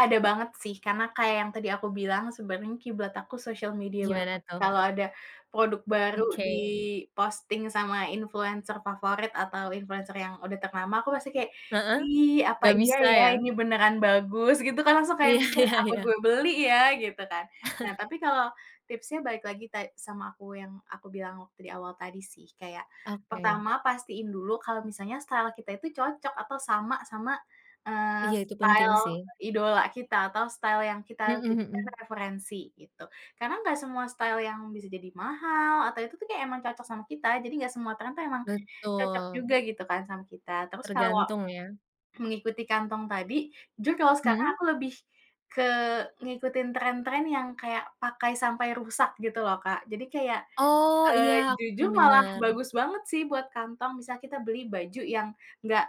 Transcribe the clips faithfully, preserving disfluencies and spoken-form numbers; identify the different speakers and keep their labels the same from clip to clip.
Speaker 1: Ada banget sih, karena kayak yang tadi aku bilang, sebenarnya kiblat aku sosial media banget.
Speaker 2: Gimana tuh?
Speaker 1: Kalau ada produk baru
Speaker 2: Oke.
Speaker 1: diposting sama influencer favorit atau influencer yang udah ternama, aku pasti kaya,
Speaker 2: Heeh,
Speaker 1: "Ih, apa
Speaker 2: nggak
Speaker 1: iya
Speaker 2: bisa
Speaker 1: ya,
Speaker 2: ya?
Speaker 1: ini beneran bagus?" Gitu kan, langsung kayak
Speaker 2: Iya
Speaker 1: mikir,
Speaker 2: iya
Speaker 1: "Apa
Speaker 2: iya.
Speaker 1: gue beli ya?" Gitu kan. Nah, tapi kalau tipsnya balik lagi ta sama aku yang aku bilang waktu di awal tadi sih, kayak
Speaker 2: Oke.
Speaker 1: pertama pastiin dulu kalau misalnya style kita itu cocok atau sama sama, eee,
Speaker 2: Iya, itu penting
Speaker 1: style
Speaker 2: sih.
Speaker 1: idola kita, atau style yang kita
Speaker 2: Mhm
Speaker 1: jadikan
Speaker 2: mhm.
Speaker 1: referensi gitu. Karena nggak semua style yang bisa jadi mahal atau itu tuh kayak emang cocok sama kita, jadi nggak semua trend tuh emang cocok juga
Speaker 2: Betul.
Speaker 1: gitu kan, sama kita. Terus kalau
Speaker 2: Tergantung ya?
Speaker 1: mengikuti kantong tadi, jujur kalau sekarang
Speaker 2: Mhm.
Speaker 1: aku lebih ke ngikutin tren-tren yang kayak pakai sampai rusak gitu loh, Kak. Jadi kayak,
Speaker 2: Oh iya,
Speaker 1: eee,
Speaker 2: aku
Speaker 1: jujur
Speaker 2: sering
Speaker 1: malah
Speaker 2: dengar.
Speaker 1: bagus banget sih, buat kantong. Misalnya kita beli baju yang nggak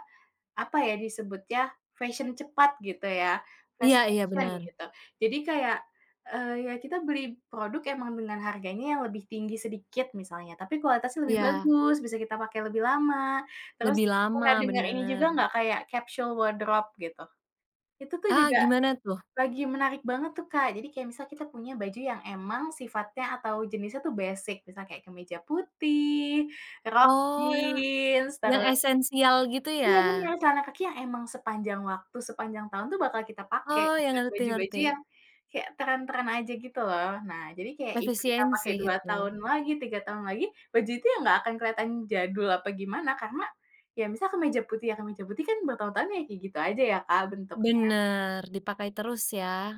Speaker 1: apa ya, disebutnya, fashion cepat gitu ya, fast
Speaker 2: Iya iya,
Speaker 1: fashion
Speaker 2: bener.
Speaker 1: gitu. Jadi kayak, eee, ya kita beli produk emang dengan harganya yang lebih tinggi sedikit misalnya, tapi kualitasnya lebih
Speaker 2: Iya.
Speaker 1: bagus, bisa kita pakai lebih lama, terus
Speaker 2: Lebih lama,
Speaker 1: pernah denger ini juga
Speaker 2: bener.
Speaker 1: nggak, kayak capsule wardrobe gitu? Itu tuh
Speaker 2: Ah,
Speaker 1: juga
Speaker 2: gimana tuh?
Speaker 1: lagi menarik banget tuh, Kak, jadi kayak misal kita punya baju yang emang sifatnya atau jenisnya tuh basic, misalnya kayak kemeja putih, rok
Speaker 2: Oh,
Speaker 1: jeans,
Speaker 2: yang
Speaker 1: terus
Speaker 2: esensial gitu
Speaker 1: iya bener,
Speaker 2: ya?
Speaker 1: celana kaki yang emang sepanjang waktu, sepanjang tahun bakal kita pakai,
Speaker 2: Oh ya,
Speaker 1: bukan
Speaker 2: ngerti ngerti.
Speaker 1: baju-baju yang kayak tren-tren aja gitu, loh. Nah, jadi kayak, ibarat kita
Speaker 2: Efisien
Speaker 1: pakai
Speaker 2: sih
Speaker 1: dua tahun
Speaker 2: itu.
Speaker 1: lagi, tiga tahun lagi, bajunya nggak akan keliatan jadul apa gimana, karena, ya misal kemeja putih ya, kemeja putih kan bertahun-tahun, ya kayak gitu aja ya, Kak, bentuknya.
Speaker 2: Bener, dipakai terus ya?